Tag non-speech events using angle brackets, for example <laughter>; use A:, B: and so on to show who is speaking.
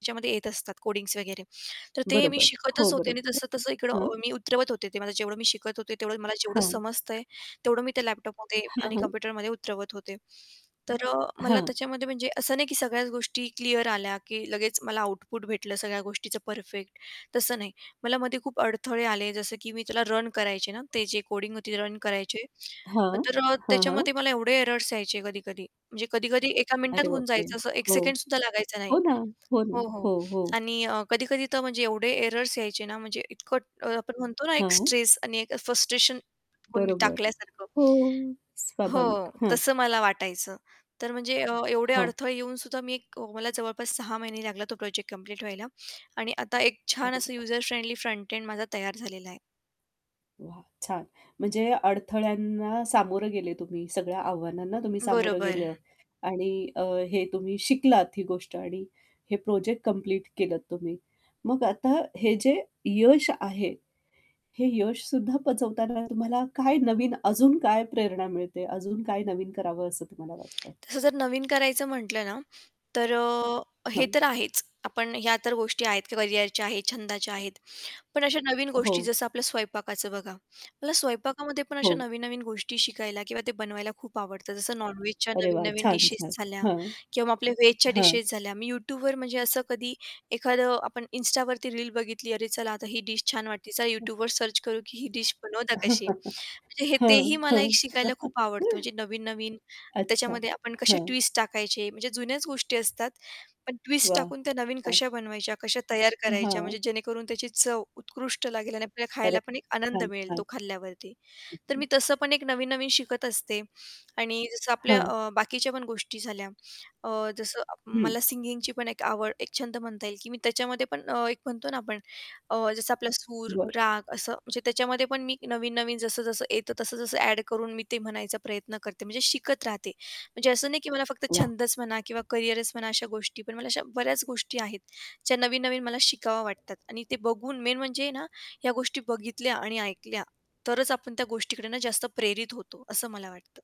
A: त्याच्यामध्ये येत असतात कोडिंग्स वगैरे तर ते मी
B: बरोबर.
A: शिकतच
B: हो,
A: होते आणि
B: बरोबर
A: तसं-तसं
B: आहे. हां.
A: इकडं मी उतरवत होते ते मला जेवढं मी शिकत होते तेवढं मला जेवढं
B: हां.
A: समजतंय तेवढं मी त्या लॅपटॉपमध्ये
B: हं,
A: आणि
B: हं.
A: कम्प्युटरमध्ये उतरवत होते. तर अ, मला
B: हां.
A: त्याच्यामध्ये म्हणजे असं नाही की सगळ्याच गोष्टी क्लिअर आल्या की लगेच मला आउटपुट भेटलं सगळ्या गोष्टीचं परफेक्ट तसं नाही मला मध्ये खूप अडथळे आले जसं की मी त्याला रन करायचे ना ते जे कोडिंग होती रन करायचे,
B: हां.
A: तर अ,
B: हां, हां.
A: त्याच्यामध्ये मला एवढे एररर्स यायचे कधी-कधी म्हणजे कधी-कधी एका मिनिटात
B: अरे
A: होऊन
B: बापरे!
A: जायचं असं एक
B: हो,
A: सेकंडसुद्धा लागायचं नाही.
B: हो ना, हो
A: हो,
B: ना,
A: हो.
B: हो, हो.
A: आणि अ, कधी-कधी तर म्हणजे एवढे एररर्स यायचे ना म्हणजे इतकं आपण म्हणतो ना एक
B: हां.
A: स्ट्रेस आणि एक फ्रस्ट्रेशन कोणी
B: बरोबर.
A: टाकल्यासारखं.
B: हो, स्वाभाविक.
A: हो,
B: हां.
A: तसं मला वाटायचं. तर म्हणजे एवढे
B: हां.
A: अडथळे येऊन सुद्धा मी एक मला जवळपास 6 महिने लागला तो प्रोजेक्ट कंप्लीट व्हायला आणि आता एक छान असं युजर
B: <unintelligible>
A: फ्रेंडली फ्रंट एंड माझा तयार झालेला आहे.
B: वाह! छान. म्हणजे अडथळ्यांना सामोरं गेले तुम्ही सगळ्या आव्हानांना तुम्ही सामोरं
A: बरोबर.
B: गेले आणि अ, हे तुम्ही शिकलात ही गोष्ट आणि हे प्रोजेक्ट कंप्लीट केलंत तुम्ही. मग आता हे जे यश आहे, हे यशसुद्धा पचवताना तुम्हाला काय नवीन अजून काय प्रेरणा मिळते, अजून काय नवीन करावं असं तुम्हाला वाटतं?
A: तसं जर नवीन करायचं म्हटलं ना, तर अ, हे
B: हां.
A: तर आहेच आपण ह्या तर गोष्टी आहेत करिअरच्या आहेत, छंदाच्या आहेत. पण अशा नवीन गोष्टी
B: हो.
A: जसं आपलं स्वयंपाकाचं बघा मला स्वयंपाकामध्ये पण अशा
B: हो.
A: नवीन-नवीन गोष्टी शिकायला किंवा ते बनवायला खूप आवडतं जसं नॉन-व्हेजच्या
B: अरे वाह!
A: नवीन-नवीन
B: छान,
A: डिशेस
B: छान.
A: झाल्या
B: हां.
A: किंवा मग आपल्या व्हेजच्या
B: हां.
A: डिशेस झाल्या मी Youtubeवर म्हणजे असं कधी एखादं आपण Instaवरती रील बघितली अरे चला आता ही डिश छान वाटते चला
B: हं.
A: Youtubeवर सर्च करू की ही डिश बनवतात कशी?
B: <chuckles>
A: म्हणजे हे तेही
B: हं,
A: मला
B: हं.
A: एक शिकायला खूप आवडतं
B: <chuckles>
A: म्हणजे नवीन-नवीन
B: अच्छा.
A: त्याच्यामध्ये आपण कशा
B: हां.
A: ट्विस्ट टाकायचे म्हणजे जुन्याच गोष्टी असतात पण ट्विस्ट
B: वाह!
A: टाकून त्या नवीन
B: छान.
A: कशा बनवायच्या, कशा तयार करायच्या, म्हणजे
B: हां.
A: जेणेकरून त्याची चव उत्कृष्ट लागेल आणि आपल्याला खायला
B: करेक्ट.
A: पण एक आनंद
B: छान,
A: मिळेल तो
B: छान.
A: खाल्ल्यावरती तर मी
B: <chuckles>
A: तसं पण एक नवीन-नवीन शिकत असते. आणि जसं आपल्या
B: हां.
A: अ, बाकीच्या पण गोष्टी झाल्या अ, जसं
B: हं.
A: मला सिंगिंगची पण एक आवड एक छंद म्हणता येईल की मी त्याच्यामध्ये पण एक म्हणतो ना आपण अ, जसं आपला सूर,
B: बरं.
A: राग असं म्हणजे त्याच्यामध्ये पण मी नवीन-नवीन जसं-जसं येतं तसं-तसं ॲड करून मी ते म्हणायचा प्रयत्न करते म्हणजे शिकत राहते म्हणजे असं नाही की मला फक्त
B: वाह!
A: छंदच म्हणा किंवा करिअरच म्हणा अशा गोष्टी पण मला अशा बऱ्याच गोष्टी आहेत, ज्या नवीन-नवीन मला शिकावं वाटतात आणि ते बघून मेन म्हणजे ना, या गोष्टी बघितल्या आणि ऐकल्या तरच आपण त्या गोष्टीकडे ना जास्त प्रेरित होतो असं मला वाटतं.